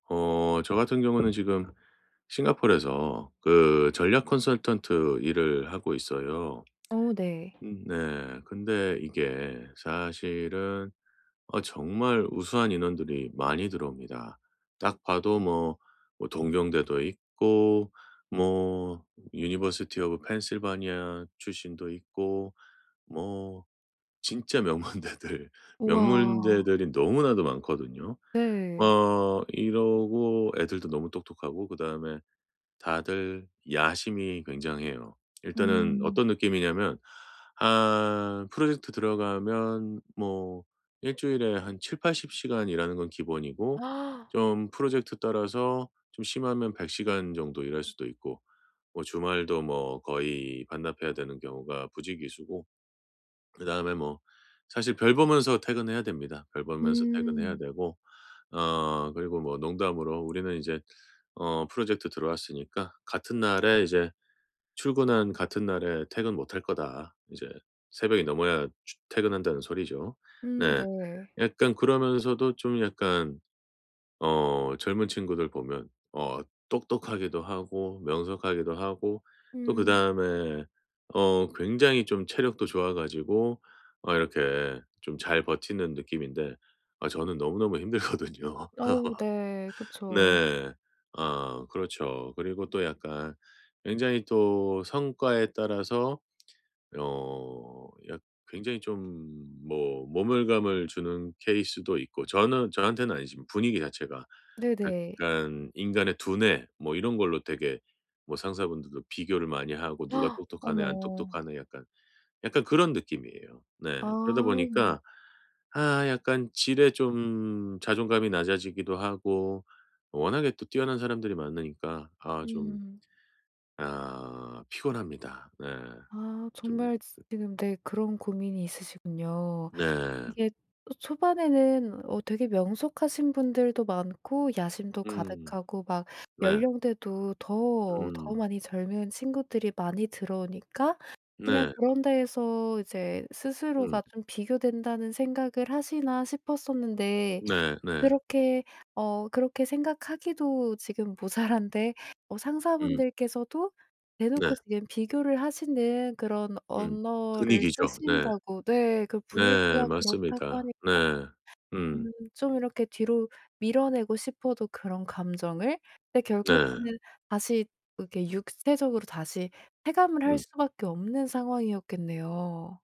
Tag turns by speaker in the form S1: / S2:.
S1: 어. 저 같은 경우는 지금 싱가포르에서 그 전략 컨설턴트 일을 하고 있어요.
S2: 어 네.
S1: 음 네. 근데 이게 사실은 어 정말 우수한 인원들이 많이 들어옵니다. 딱 봐도 뭐 뭐 동경대도 있고 뭐 university of Pennsylvani 출신도 있고 뭐 진짜 명문대들
S2: 우와.
S1: 명문대들이 너무나도 많거든요.
S2: 네.
S1: 어. 이러고 애들도 너무 똑똑하고 그다음에 다들 야심이 굉장해요. 일단은
S2: 음.
S1: 어떤 느낌이냐면 한 프로젝트 들어가면 뭐 일주일에 한 7-80 시간 일하는 건 기본이고 좀 프로젝트 따라서 좀 심하면 100 시간 정도 일할 수도 있고 뭐 주말도 뭐 거의 반납해야 되는 경우가 부지기수고 그다음에 뭐 사실 별 보면서 퇴근해야 됩니다. 별 보면서 퇴근해야
S2: 음.
S1: 되고 어 그리고 뭐 농담으로 "우리는 이제 어 프로젝트 들어왔으니까 같은 날에 이제 출근한 같은 날에 퇴근 못할 거다." 이제 새벽이 넘어야 추 퇴근한다는 소리죠.
S2: 음
S1: 네.
S2: 네.
S1: 약간 그러면서도 좀 약간 어 젊은 친구들 보면 어 똑똑하기도 하고 명석하기도 하고 또
S2: 음.
S1: 그다음에 어 굉장히 좀 체력도 좋아 가지고 어 이렇게 좀 잘 버티는 느낌인데 아 저는 너무너무 힘들거든요.
S2: 어 네. 그쵸.
S1: 네. 아 그렇죠. 그리고 또 약간 굉장히 또 성과에 따라서 어 약 굉장히 좀 뭐 모멸감을 주는 케이스도 있고. 저는 저한테는 아니지만 분위기 자체가.
S2: 네네.
S1: 약간 인간의 두뇌 뭐 이런 걸로 되게 뭐 상사분들도 비교를 많이 하고 "누가 똑똑하네 안
S2: 어머.
S1: 똑똑하네." 약간 약간 그런 느낌이에요. 네. 그러다
S2: 아.
S1: 보니까 아 약간 지레 좀 자존감이 낮아지기도 하고 워낙에 또 뛰어난 사람들이 많으니까 아 좀
S2: 음.
S1: 아 피곤합니다. 네.
S2: 아
S1: 좀
S2: 정말 지
S1: 그
S2: 지금 네 그런 고민이 있으시군요.
S1: 네.
S2: 이게 초반에는 어 되게 '명석하신 분들도 많고 야심도
S1: 음.
S2: 가득하고 막
S1: 네.
S2: 연령대도 더 더
S1: 음.
S2: 많이 젊은 친구들이 많이 들어오니까 그냥
S1: 네.
S2: 그런 데에서 이제
S1: 음.
S2: 스스로가 좀 비교된다는 생각을 하시나.' 싶었었는데
S1: 네 네.
S2: 그렇게 어 그렇게 생각하기도 지금 모자란데 어
S1: 음.
S2: 상사분들께서도
S1: 네.
S2: 대놓고 지금 비교를 하시는 그런
S1: 음.
S2: 언어를
S1: 분위기죠. 네.
S2: 쓰신다고 네. 그
S1: 네
S2: 분위기가 그렇다고
S1: 맞습니다.
S2: 하니까
S1: 네.
S2: 음
S1: 음.
S2: 좀 이렇게 뒤로 밀어내고 싶어도 그런 감정을 근데
S1: 네.
S2: 결국에는 다시 이렇게 육체적으로 다시 체감을 할
S1: 음.
S2: 수밖에 없는 상황이었겠네요.